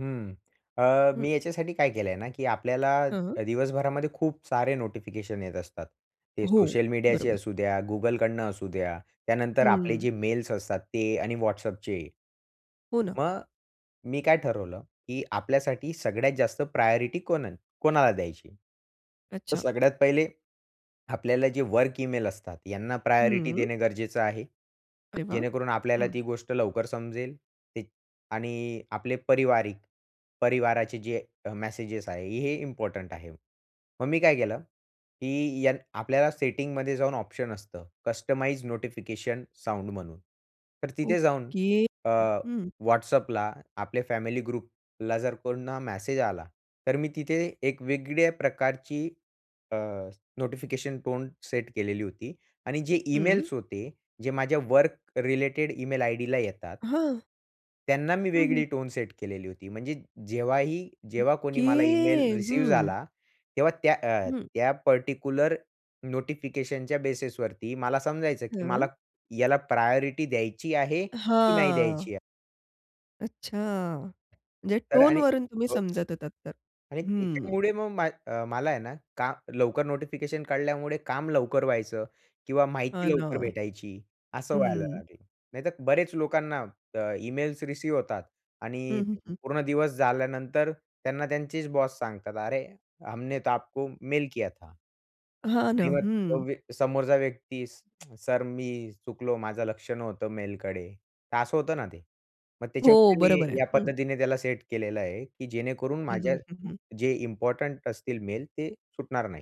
हं, अ, हं. मी याच्यासाठी काय केलंय ना, की आपल्याला हां. अ, दिवसभरामध्ये खूप सारे नोटिफिकेशन येत असतात. ते हो सोशल मीडियाचे बरोबर. असू द्या, Googleकडनं असू द्या. त्यानंतर आपले हं. जे मेल्स असतात ते आणि WhatsAppचे. हो ना. मग मी काय ठरवलं की आपल्यासाठी सगळ्यात जास्त प्रायोरिटी कोण कोणाला द्यायची? तर अच्छा. सगळ्यात पहिले आपल्याला जे वर्क इमेल असतात यांना प्रायोरिटी हं. देणे गरजेचं आहे. अरे वाह! हं, जेणेकरून आपल्याला हं. ती गोष्ट लवकर समजेल ते आणि आपले पारिवारिक परिवाराचे जे अ, मेसेजेस आहे हे इम्पोर्टंट आहे. मग मी काय केलं, की यान आपल्याला सेटिंगमध्ये जाऊन ऑप्शन असतं कस्टमाइज्ड नोटिफिकेशन साउंड म्हणून तर तिथे जाऊन ओके. अ, हं, हं. WhatsAppला आपले फॅमिली ग्रुपला जर कोणा मेसेज आला तर मी तिथे एक वेगळ्या प्रकारची अ, नोटिफिकेशन टोन सेट केलेली होती. आणि जे हं. इमेल्स होते जे माझ्या वर्क रिलेटेड इमेल आयडीला येतात. हां. त्यांना मी हं हं. वेगळी टोन सेट केलेली होती. म्हणजे जेव्हा ही जेव्हा कोणी ओके मला ईमेल रिसिव्ह हं. झाला तेव्हा त्या अ, हं. त्या पार्टिक्युलर नोटिफिकेशनच्या बेसिसवरती मला समजायचं की मला हां. याला प्रायोरिटी द्यायची आहे, की नाही हां. द्यायची आहे. अच्छा म्हणजे तर आणि टोनवरून तुम्ही हो. समजत होतात तर? आणि हं. त्याच्यामुळे मग मा अ, मला आहे ना का, लवकर नोटिफिकेशन कळल्यामुळे काम लवकर व्हायचं किंवा हां माहिती ना. लवकर भेटायची असं व्हायला हं. लागेल. नाहीतर बरेच लोकांना अ, इमेल्स रिसीव्ह होतात हं, आणि हं, हं. पूर्ण दिवस झाल्यानंतर त्यांना त्यांचेच बॉस सांगतात "अरे हमने तो आपको मेल किया था." हां ना. आणि मग तो हं. व्य समोरचा व्यक्तीस सर मी चुकलो, माझं लक्ष नव्हतंं मेलकडे तर असं होतं ना ते मग हो त्याच्यामुळे मी बरोबर आहे. या हं. पद्धतीने त्याला सेट केलेलं आहे की जेणेकरून हं, माझ्या हं, हं, हं. जे इम्पोर्टंट असतील मेल ते सुटणार नाही.